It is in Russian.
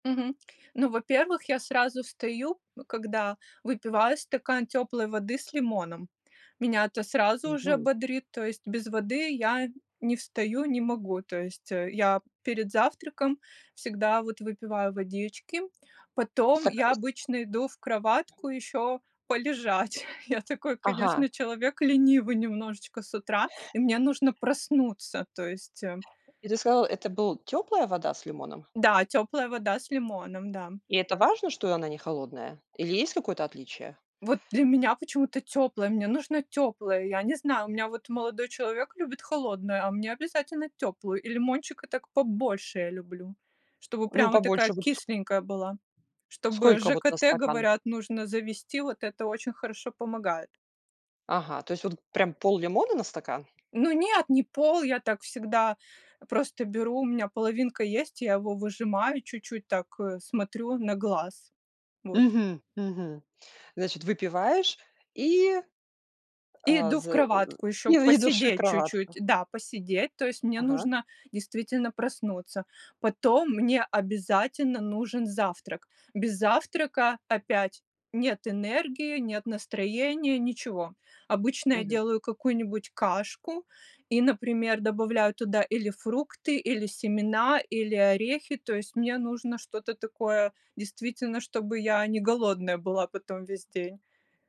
Мгм. Ну, во-первых, я сразу встаю когда, выпиваю стакан теплой воды с лимоном. Меня это сразу уже Мгм. бодрит, то есть без воды я не встаю, не могу. То есть я перед завтраком всегда вот выпиваю водички, потом я [unintelligible] обычно иду в кроватку еще полежать. Я такой, Ага. конечно, человек ленивый немножечко с утра, и мне нужно проснуться. То есть, э И ты сказала, это был теплая вода с лимоном? Да, теплая вода с лимоном, да. И это важно, что она не холодная? Или есть какое-то отличие? Вот для меня почему-то теплая, мне нужно теплое, я не знаю. У меня вот молодой человек любит холодное, а мне обязательно теплую, и лимончика так побольше я люблю, чтобы Ну, прям вот такая побольше высу кисленькая была. Чтобы Сколько вот на ЖКТ, стакан? говорят, нужно завести, вот это очень хорошо помогает. Ага, то есть вот прям пол-лимона на стакан? Ну нет, не пол! Я так всегда просто беру, у меня половинка есть, я его выжимаю, чуть-чуть так, э, смотрю на глаз. Вот. Мгм, мгм. Значит, выпиваешь и И А, иду в з кроватку и еще идешь в посидеть кроватку. чуть-чуть, да, посидеть. То есть мне Ага. нужно действительно проснуться. Потом мне обязательно нужен завтрак. Без завтрака опять нет энергии, нет настроения, ничего. Обычно я Мгм. делаю какую-нибудь кашку и, например, добавляю туда или фрукты, или семена, или орехи. То есть мне нужно что-то такое, действительно, чтобы я не голодная была потом весь день.